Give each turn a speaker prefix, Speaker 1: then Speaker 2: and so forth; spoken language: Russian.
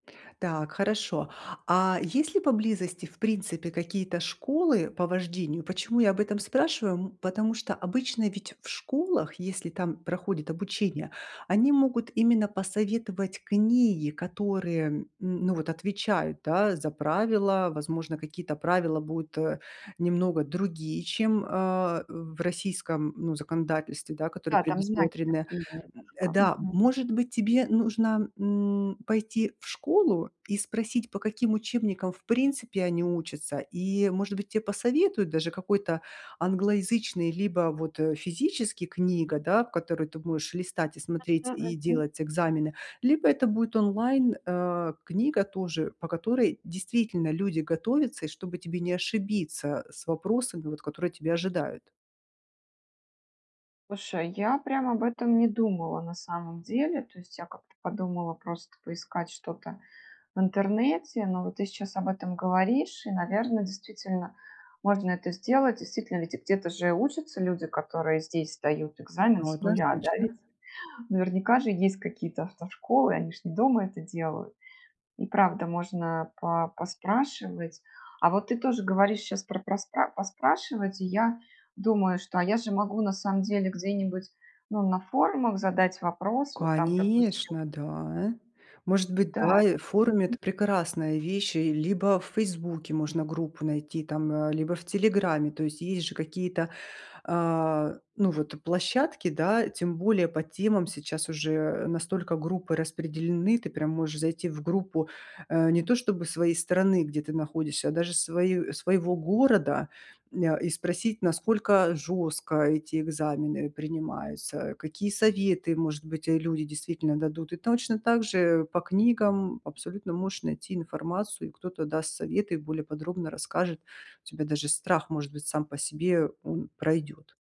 Speaker 1: Так, хорошо. А, есть ли поблизости, в принципе, какие-то школы по вождению? Почему я об этом спрашиваю? М, потому что, обычно, ведь, в школах, если там проходит обучение, они могут именно посоветовать книги, которые, м, ну, вот отвечают, да, за правила. Возможно, какие-то правила будут, э, немного другие, чем, а, в российском, ну, законодательстве, да, которые
Speaker 2: Да, там знаки
Speaker 1: предусмотрены.
Speaker 2: другие
Speaker 1: М, э,
Speaker 2: немножко.
Speaker 1: да,
Speaker 2: Мгм.
Speaker 1: может быть, тебе нужно, м, пойти в школу и спросить, по каким учебникам в принципе они учатся, и, может быть, те посоветуют даже какой-то англоязычный, либо вот, э, физический книга, да, в которую ты будешь листать и
Speaker 2: Та,
Speaker 1: смотреть,
Speaker 2: ну,
Speaker 1: и
Speaker 2: мгм.
Speaker 1: делать экзамены, либо это будет онлайн, э, книга тоже, по которой действительно люди готовятся, и чтобы тебе не ошибиться с вопросами, вот, которые тебя ожидают.
Speaker 2: Слушай, я прям об этом не думала на самом деле. То есть, я как-то подумала просто поискать что-то в интернете, но вот ты сейчас об этом говоришь, и, наверно, действительно, можно это сделать. Действительно, ведь, и где-то же учатся люди, которые здесь сдают
Speaker 1: М,
Speaker 2: экзамен
Speaker 1: ну,
Speaker 2: с нуля, да, ведь?
Speaker 1: однозначно.
Speaker 2: Наверняка же есть какие-то автошколы, они же не дома это делают. И правда, можно по поспрашивать. А вот ты тоже говоришь щас про проспра поспрашивать, и я думаю, что, а, я же могу на самом деле где-нибудь, ну, на форумах задать вопрос, вот там, допустим.
Speaker 1: Конечно, да. Может
Speaker 2: М,
Speaker 1: быть, да, и в
Speaker 2: да-да-да,
Speaker 1: форуме,
Speaker 2: мгм.
Speaker 1: это прекрасная вещь, и либо в Фейсбуке можно группу найти там, э, либо в Телеграме. То есть, есть же какие-то, а, ну, вот, э, площадки, да, тем более по темам сейчас уже, э, настолько группы распределены, ты прям можешь зайти в группу, э, не то чтобы своей страны, где ты находишься, а даже свою, э, своего города, ня, и спросить насколько жестко эти экзамены принимаются. Какие советы может быть, э, люди действительно дадут, и точно также, э, по книгам абсолютно можешь найти информацию, и кто-то даст совет и более подробно расскажет. У тебя даже страх может быть сам по себе он пройдёт.